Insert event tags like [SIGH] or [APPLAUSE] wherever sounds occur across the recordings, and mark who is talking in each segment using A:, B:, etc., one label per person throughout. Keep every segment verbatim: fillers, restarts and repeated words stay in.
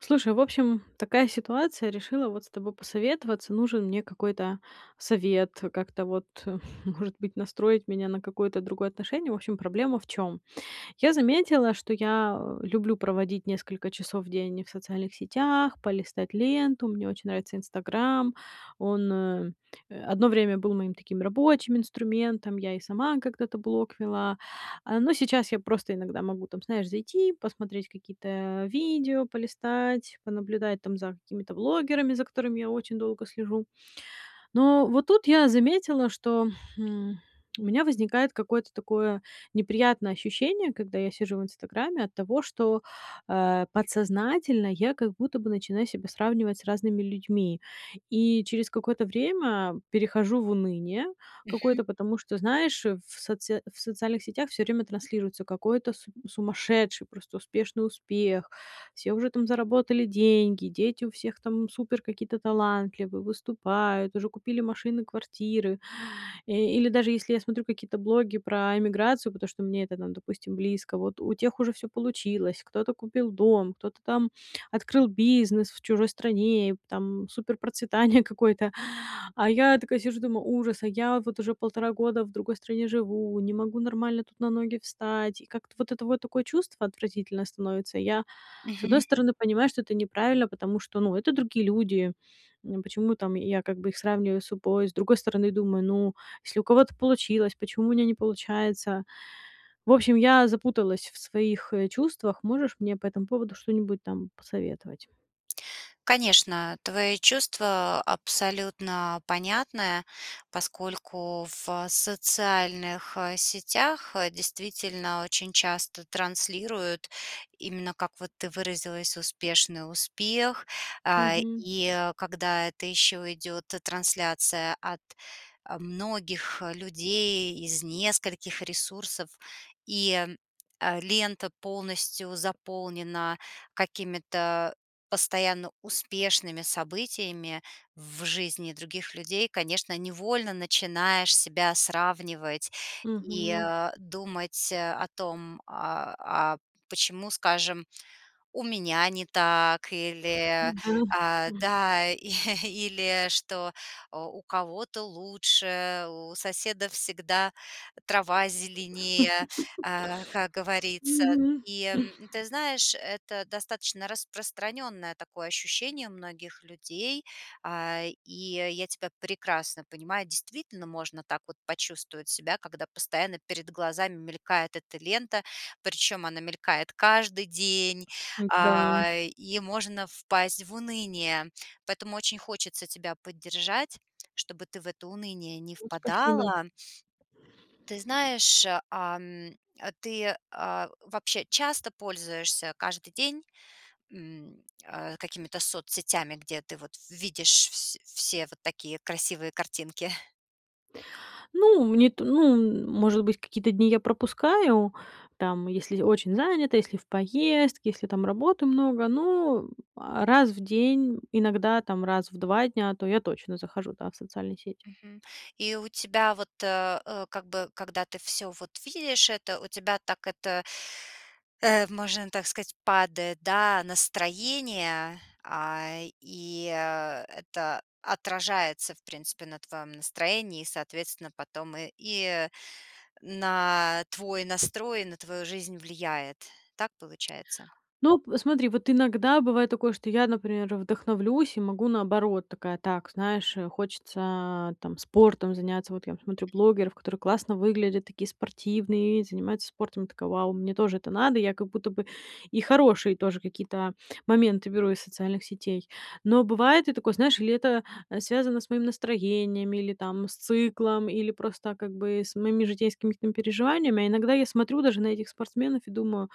A: Слушай, в общем, такая ситуация. Решила вот с тобой посоветоваться. Нужен мне какой-то совет, как-то вот, может быть, настроить меня на какое-то другое отношение. В общем, проблема в чём? Я заметила, что я люблю проводить несколько часов в день в социальных сетях, полистать ленту. Мне очень нравится Instagram. Он, э, одно время был моим таким рабочим инструментом, я и сама когда-то блог вела. А, но сейчас я просто иногда могу, там, знаешь, зайти, посмотреть какие-то видео полистать, понаблюдать там за какими-то блогерами, за которыми я очень долго слежу. Но вот тут я заметила, что, м, у меня возникает какое-то такое неприятное ощущение, когда я сижу в Инстаграме, от того, что, э, подсознательно я как будто бы начинаю себя сравнивать с разными людьми. И через какое-то время перехожу в уныние
B: Мгм.
A: какое-то, потому что, знаешь, э, в соце в социальных сетях всё время транслируется какой-то с сумасшедший, просто успешный успех, все уже там заработали деньги, дети у всех там супер какие-то талантливые, выступают, уже купили машины, квартиры. Э, или даже если я смотрю какие-то блоги про эмиграцию, потому что мне это нам, допустим, близко, вот у тех уже всё получилось. Кто-то купил дом, кто-то там открыл бизнес в чужой стране, там суперпроцветание какое-то, а я такая сижу, думаю: "Ужас, а я вот уже полтора года в другой стране живу, не могу нормально тут на ноги встать". И как-то вот это вот такое чувство отвратительное становится. Я, с одной
B: Мгм.
A: стороны, понимаю, что это неправильно, потому что, ну, это другие люди. М, почему там я как бы их сравниваю с собой? С другой стороны, думаю: "Ну, если у кого-то получилось, почему у меня не получается?" В общем, я запуталась в своих, э, чувствах. Можешь мне по этому поводу что-нибудь там посоветовать?
B: Конечно, твои чувства абсолютно понятны, поскольку в социальных, э, сетях, э, действительно очень часто транслируют именно, как вот ты выразилась, успешный успех. А,
A: Мгм.
B: и когда это ещё идёт т трансляция от, э, многих людей из нескольких ресурсов, и, э, лента полностью заполнена какими-то постоянно успешными событиями в жизни других людей, конечно, невольно начинаешь себя сравнивать и,
A: Мгм.
B: э, думать, э, о том, а, а, почему, скажем, у меня не так или,
A: Да,
B: а,
A: м.
B: да, [CHUCKLES] или что, э, у кого-то лучше, у соседа всегда трава зеленее,
A: [CHUCKLES]
B: а, как говорится.
A: Мгм.
B: И, м, ты знаешь, это достаточно распространенное такое ощущение многих людей. А, и я тебя прекрасно понимаю, действительно можно так вот почувствовать себя, когда постоянно перед глазами мелькает эта лента, причём она мелькает каждый день,
A: М-да.
B: а, и можно впасть в уныние. Поэтому очень хочется тебя поддержать, чтобы ты в это уныние не
A: Вот, спасибо.
B: впадала. Ты знаешь, ам, а ты, а, вообще часто пользуешься каждый день, м, а, какими-то соцсетями, где ты вот видишь вс все вот такие красивые картинки?
A: Ну, мне это, ну, может быть, какие-то дни я пропускаю, там, если очень занята, если в поездке, если там работы много, ну, а раз в день, иногда, там, раз в два дня, то я точно захожу, да, в социальные сети.
B: Мгм. И у тебя вот, э, как бы, когда ты всё, вот, видишь это, у тебя так это Э, можно так сказать, падает, да, настроение, а, и, э, это отражается, в принципе, на твоём настроении и, соответственно, потом и и на твой настрой, на твою жизнь влияет. Так получается?
A: Ну, посмотри, вот иногда бывает такое, что я, например, вдохновлюсь и могу наоборот. Такая, так, знаешь, э, хочется, там, спортом заняться. Вот я смотрю блогеров, которые классно выглядят, такие спортивные, занимаются спортом. Я такая: "Вау, мне тоже это надо". Я как будто бы и хорошие тоже какие-то моменты беру из социальных сетей. Но бывает и такое, знаешь, или это связано с моим настроением, или, там, с циклом, или просто, как бы, с моими житейскими ким переживаниями, а иногда я смотрю даже на этих спортсменов и думаю: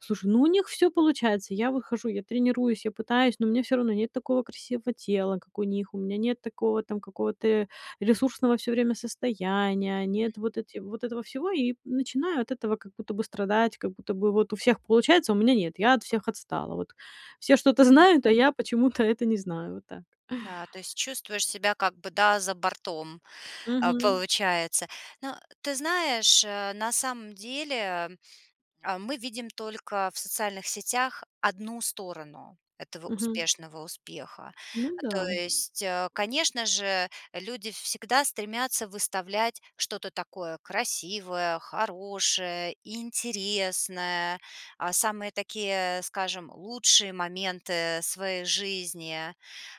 A: "Слушай, ну, у них всё получается". Я выхожу, я тренируюсь, я пытаюсь, но мне всё равно нет такого красивого тела, как у них. У меня нет такого, там, какого-то ресурсного всё время состояния, они
B: Мгм.
A: это вот эти вот этого всего. И начинаю от этого как будто бы страдать, как будто бы вот у всех получается, а у меня нет. Я от всех отстала. Вот все что-то
B: М.
A: знают, а я почему-то это не знаю вот так.
B: Да, то есть чувствуешь себя как бы, да, за бортом, э,
A: Мгм.
B: получается. Ну, ты знаешь, э, на самом деле, э, мы видим только в социальных сетях одну сторону этого
A: Мгм.
B: успешного успеха.
A: Ну
B: А то
A: да.
B: есть, э, конечно же, люди всегда стремятся выставлять что-то такое красивое, хорошее, интересное, а самые такие, скажем, лучшие моменты своей жизни.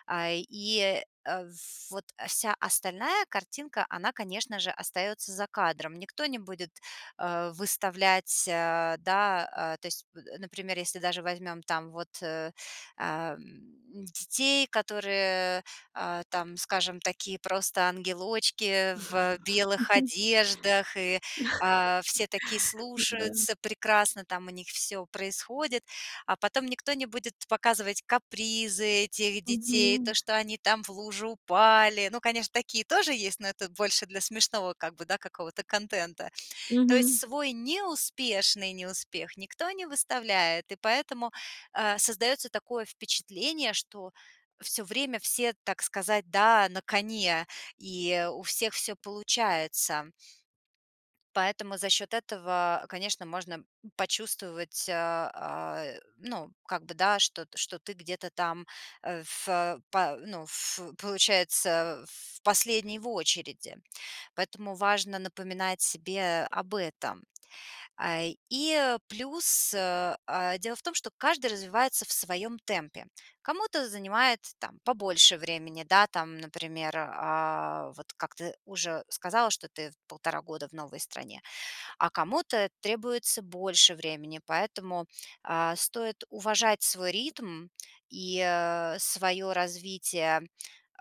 B: А, и, э, вот вся остальная картинка, она, конечно же, остается за кадром. Никто не будет, э, выставлять, э, да, а то есть, м, например, если даже возьмем там вот, э, ам, детей, которые, а, там, скажем, такие просто
A: Мгм.
B: ангелочки в белых
A: [CHUCKLES]
B: одеждах и, а, все такие
A: Ну да.
B: слушаются, прекрасно там у них всё происходит, а потом никто не будет показывать капризы этих детей, то,
A: Мгм.
B: что они там в лужу упали. Ну, конечно, такие тоже есть, но это больше для смешного как бы, да, какого-то контента. То есть
A: Мгм.
B: свой неуспешный неуспех никто не выставляет, и поэтому, э, создаётся такое впечатление, что всё время все, так сказать, да, на коне, и у всех всё получается. Поэтому за счёт этого, конечно, можно почувствовать, э, а, ну, как бы, да, что т что ты где-то там, э, фэ па ну, ф получается в последний в очереди. Поэтому важно напоминать себе об этом. А, и плюс, э, а, дело в том, что каждый развивается в своём темпе. Кому-то занимает, там, побольше времени, да, там, например, а, вот как ты уже сказала, что ты в полтора года в новой стране, а кому-то требуется больше времени, поэтому, а, стоит уважать свой ритм и, э, своё развитие,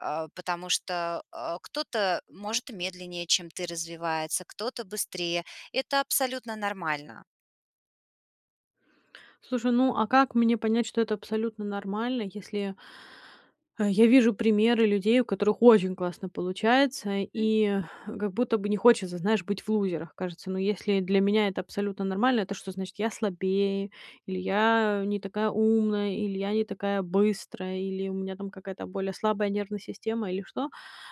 B: э, потому что, э, кто-то может медленнее, чем ты развивается, кто-то быстрее. Это абсолютно нормально.
A: Слушай, ну, а как мне понять, что это абсолютно нормально, если А, я вижу примеры людей, у которых очень классно получается,
B: [CHUCKLES] М.
A: и как будто бы не хочется, знаешь, быть в лузерах, кажется. Но если для меня это абсолютно нормально, это что значит: я слабее, или я не такая умная, или я не такая быстрая, или у меня там какая-то более слабая нервная система, или что?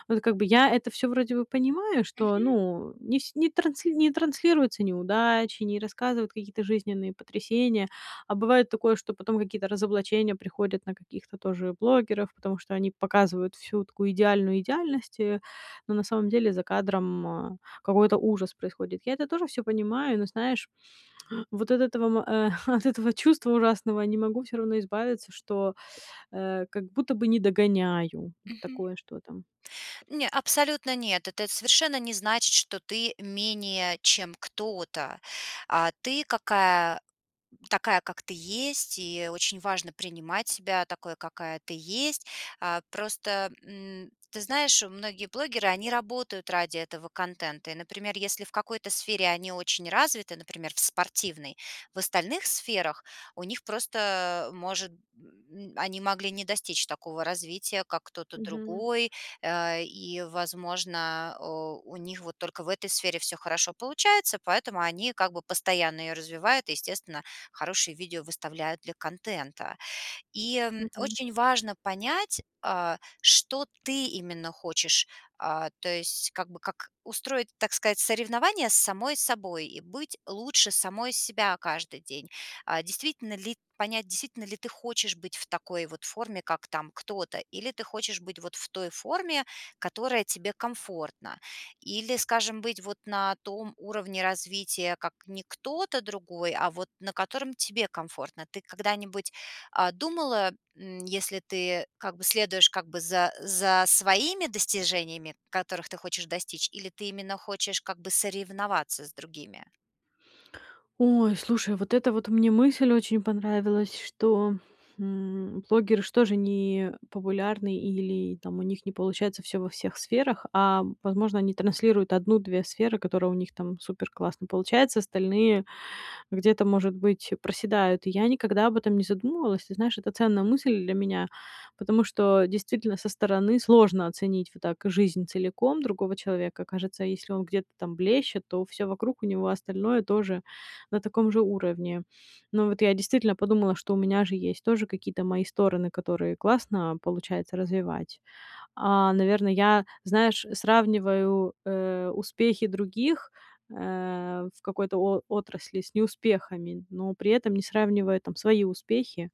A: Вот как бы я это всё вроде бы понимаю, что,
B: Мгм.
A: ну, не с не трансли не транслируются неудачи, не рассказывают какие-то жизненные потрясения. А бывает такое, что потом какие-то разоблачения приходят на каких-то тоже блогеров, потому что они показывают всю такую идеальную идеальность, э, но на самом деле за кадром, э, какой-то ужас происходит. Я это тоже всё понимаю, но знаешь, вот от этого, эм, от этого чувства ужасного не могу всё равно избавиться, что, э, как будто бы не догоняю.
B: Мгм.
A: Такое, что там.
B: Не, абсолютно нет. Это совершенно не значит, что ты менее, чем кто-то. А ты какая такая, как ты есть, и очень важно принимать себя такой, какая ты есть. А, просто, м, ты знаешь, многие блогеры, они работают ради этого контента. И, например, если в какой-то сфере они очень развиты, например, в спортивной, в остальных сферах у них просто может, м, м, они могли не достичь такого развития, как кто-то
A: Мгм.
B: другой, э, и, возможно, о, у них вот только в этой сфере всё хорошо получается, поэтому они как бы постоянно её развивают и, естественно, хорошие видео выставляют для контента. И, м,
A: Мгм.
B: очень важно понять, а, что ты именно хочешь, а, то есть как бы как устроить, так сказать, соревнования с самой собой и быть лучше самой себя каждый день, а, действительно ли, понять, действительно ли ты хочешь быть в такой вот форме, как там кто-то, или ты хочешь быть вот в той форме, которая тебе комфортна, или, скажем, быть вот на том уровне развития, как не кто-то другой, а вот на котором тебе комфортно? Ты когда-нибудь, а, думала, м, если ты как бы следуешь как бы за за своими достижениями, которых ты хочешь достичь, или ты именно хочешь как бы соревноваться с другими?
A: Ой, слушай, вот эта вот мне мысль очень понравилась, что, м, блогеры ж тоже не популярны или там у них не получается всё во всех сферах, а возможно, они транслируют одну две сферы, которые у них там супер-классно получаются, остальные где-то, может быть, проседают. И я никогда об этом не задумывалась. Ты знаешь, это ценная мысль для меня. Потому что действительно со стороны сложно оценить, вот так жизнь целиком другого человека. Кажется, если он где-то там блещет, то всё вокруг у него остальное тоже на таком же уровне. Но вот я действительно подумала, что у меня же есть тоже какие-то мои стороны, которые классно получается развивать. А, наверное, я, знаешь, сравниваю, э, успехи других, э, в какой-то о отрасли с неуспехами, но при этом не сравнивая там свои успехи,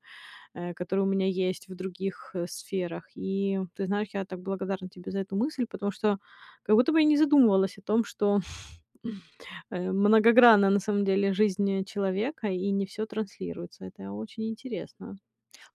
A: э, которые у меня есть в других, э, сферах. И ты знаешь, я так благодарна тебе за эту мысль, потому что как будто бы я не задумывалась о том, что, [CHUCKLES] э, многогранна на самом деле жизнь, э, человека, и не всё транслируется. Это очень интересно.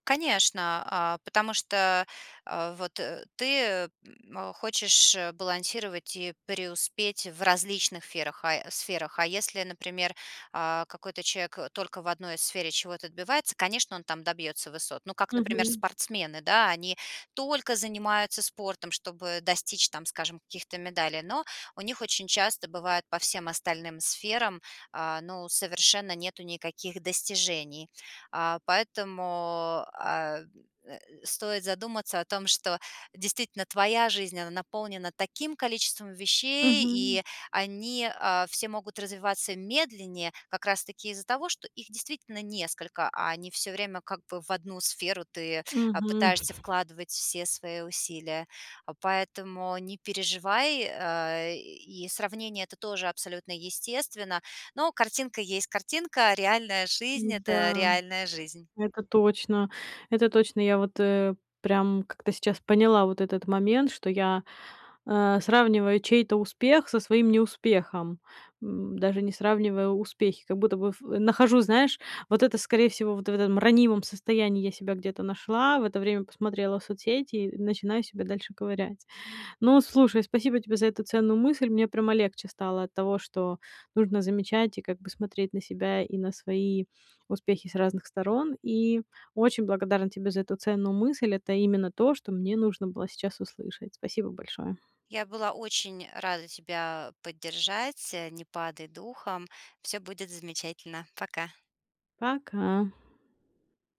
B: Конечно, а, потому что, э, вот, э, ты, э, м, хочешь, э, балансировать и преуспеть в различных ферах, а сферах. А если, например, а, какой-то человек, э, только в одной сфере чего-то отбивается, конечно, он там добьётся высот. Ну как, например,
A: Мгм.
B: спортсмены, да, они только занимаются спортом, чтобы достичь, там, скажем, каких-то медалей. Но у них очень часто бывает по всем остальным сферам, а, ну, совершенно нету никаких достижений. А, поэтому, а, э, стоит задуматься о том, что действительно твоя жизнь, она наполнена таким количеством вещей,
A: Мгм.
B: и они, а, все могут развиваться медленнее как раз таки из-за того, что их действительно несколько, а не все время как бы в одну сферу ты, а,
A: Мгм.
B: пытаешься
A: [CHUCKLES]
B: вкладывать все свои усилия. Поэтому не переживай, э, и сравнение это тоже абсолютно естественно. Но картинка есть картинка, а реальная жизнь это
A: М-да.
B: реальная жизнь.
A: Это точно. Это точно, я вот, э, прям как-то сейчас поняла вот этот момент, что я, а, сравниваю чей-то успех со своим неуспехом, м, даже не сравнивая успехи. Как будто бы в нахожу, знаешь, вот это, скорее всего, вот в этом ранимом состоянии я себя где-то нашла, в это время посмотрела соцсети и начинаю себя дальше ковырять. Ну, слушай, спасибо тебе за эту ценную мысль. Мне прямо легче стало от того, что нужно замечать и как бы смотреть на себя, и на свои успехи с разных сторон. И очень благодарна тебе за эту ценную мысль. Это именно то, что мне нужно было сейчас услышать. Спасибо большое.
B: Я была очень рада тебя поддержать, а, не падай духом. Всё будет замечательно. Пока.
A: Пока.